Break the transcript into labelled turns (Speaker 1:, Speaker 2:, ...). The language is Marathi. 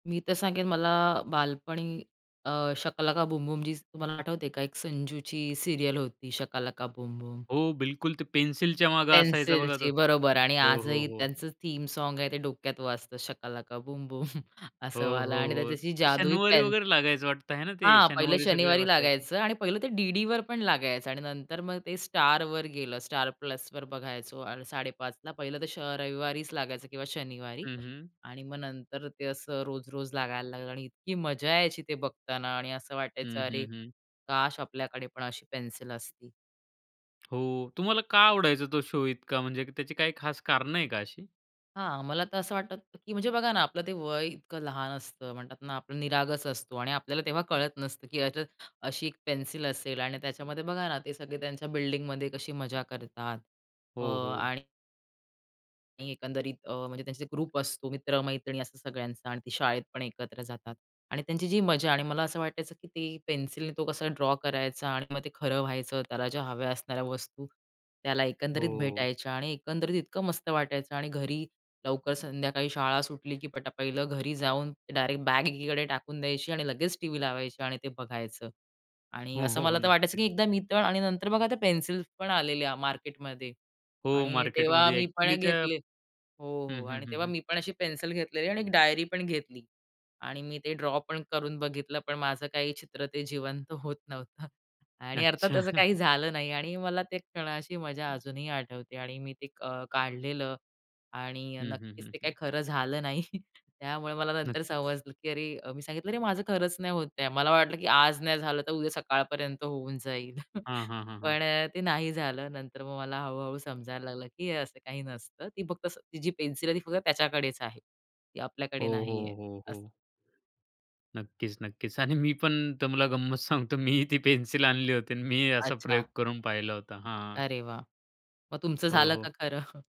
Speaker 1: मी तर सांगेन, मला बालपणी अ, शका लका बुम बुम जी तुम्हाला आठवते का? एक संजूची सीरियल ल होती, शका लका बुम बुम.
Speaker 2: हो, बिलकुल ते पेन्सिलच्या मागे असायचं बघा तो.
Speaker 1: पेन्सिलची बरोबर आणि
Speaker 2: हो, हो,
Speaker 1: आजही
Speaker 2: हो.
Speaker 1: त्यांचं थीम सॉन्ग आहे ते डोक्यात वाजतं, शका लका बूम बूम,
Speaker 2: हो,
Speaker 1: असं वाला
Speaker 2: हो,
Speaker 1: आणि
Speaker 2: हो.
Speaker 1: त्याच्यात जी जादुई
Speaker 2: शनिवारी
Speaker 1: पेन
Speaker 2: वगैरे लागायचं वाटतं आहे ना, ते
Speaker 1: हां, पहिलं
Speaker 2: शनिवारी सगळे
Speaker 1: शनिवारी
Speaker 2: बसायचे.
Speaker 1: लागायचं आणि पहिलं ते डीडीवर पण लागायचं आणि नंतर मग ते स्टारवर गेलं, स्टार प्लसवर बघायचो आणि 5:30 ला. पहिलं तर श रविवारीच लागायचं किंवा शनिवारी
Speaker 2: हं, हं.
Speaker 1: आणि मग नंतर ते असं रोज-रोज लागायला लागलं आणि इतकी मजा यायची ते बघताना आणि असं वाटायचं,
Speaker 2: हं,
Speaker 1: अरे
Speaker 2: हं, हं.
Speaker 1: काश! आपल्याकडे पण अशी पेन्सिल असती?
Speaker 2: हो, तुम्हाला का आवडायचा तो शो इतका? म्हणजे त्याची काही खास कारण आहे का अशी?
Speaker 1: हां, मला तर असं वाटतं, की म्हणजे बघा ना, आपलं ते वय इतकं लहान असतं. म्हणतात ना, आपलं निरागस असतो आणि आपल्याला तेव्हा कळत नसतं, की याच्यात अशी एक पेन्सिल असेल आणि त्याच्यामध्ये बघा ना, ते सगळे त्यांच्या बिल्डिंगमध्ये कशी मजा करतात अ,
Speaker 2: हो, हो.
Speaker 1: आणि आणि एकंदरीत अ, म्हणजे त्यांचे ग्रुप असतो, मित्रमैत्रिणी असं सगळ्यांचा आणि ती शाळेत पण एकत्र जातात आणि त्यांची जी मजा आणि मला असं वाटायचं, की ती पेन्सिलने तो कसा ड्रॉ करायचा आणि मग ते खरं व्हायचं. त्याला ज्या हव्या असणाऱ्या वस्तू, त्याला एकंदरीत
Speaker 2: हो.
Speaker 1: भेटायच्या आणि एकंदरीत इतकं मस्त वाटायचं आणि घरी लवकर संध्याकाळी शाळा सुटली, की पटा पहिलं घरी जाऊन डायरेक्ट बॅग एकीकडे टाकून द्यायची आणि लगेच टीव्ही लावायची आणि ते बघायचं आणि
Speaker 2: हो,
Speaker 1: असं
Speaker 2: हो, हो.
Speaker 1: मला तर वाटायचं,
Speaker 2: नक्कीच.
Speaker 1: की एकदा मी तर आणि नंतर बघा, आता पेन्सिल्स पण आलेल्या मार्केटमध्ये
Speaker 2: हो,
Speaker 1: आणि तेव्हा
Speaker 2: मार्केटमध्ये
Speaker 1: मी पण
Speaker 2: एक्चुअली त्या
Speaker 1: घेतले हो,
Speaker 2: हं,
Speaker 1: हो
Speaker 2: हं,
Speaker 1: आणि
Speaker 2: हं,
Speaker 1: तेव्हा
Speaker 2: हं.
Speaker 1: मी पण अशी पेन्सिल घेतलेली आणि एक डायरी पण घेतली आणि मी ते ड्रॉ पण करून बघितलं, पण माझं काही चित्र ते जिवंत होत नव्हतं आणि अर्थात
Speaker 2: अच्छा.
Speaker 1: असं काही झालं नाही आणि मला ते क्षणाशी मजा अजूनही आठवते आणि मी ते क काढलेलं आणि
Speaker 2: हं, हं,
Speaker 1: नक्कीच
Speaker 2: हं,
Speaker 1: ते
Speaker 2: हं.
Speaker 1: काही खरं झालं नाही. त्यामुळे मला
Speaker 2: [unintelligible]
Speaker 1: नंतर समजलं, की अ, अरे मी सांगितलं [unintelligible] माझं खरंच नाही होत आहे. मला वाटलं, की आज नाही झालं तर उद्या सकाळपर्यंत होऊन जाईल.
Speaker 2: हां, हां, हां, हां.
Speaker 1: पण ते नाही झालं. नंतर मग मला हळू-हळू समजायला लागलं, की असं काही नसतं. ती फक्त स ती जी पेन्सिल आहे, ती फक्त त्याच्याकडेच आहे. ती आपल्याकडे
Speaker 2: हो, हो,
Speaker 1: नाहीये
Speaker 2: हो,
Speaker 1: असं.
Speaker 2: हो. नक्कीच, नक्कीच आणि मी पण तुम्हाला गंमत सांगतो. मी ही ती पेन्सिल आणली होती आणि मी ही असा
Speaker 1: अच्छा.
Speaker 2: प्रयोग करून पाहिला होता, हां.
Speaker 1: अरे वाह! मग तुमचं
Speaker 2: हो,
Speaker 1: झालं
Speaker 2: हो.
Speaker 1: का खरं?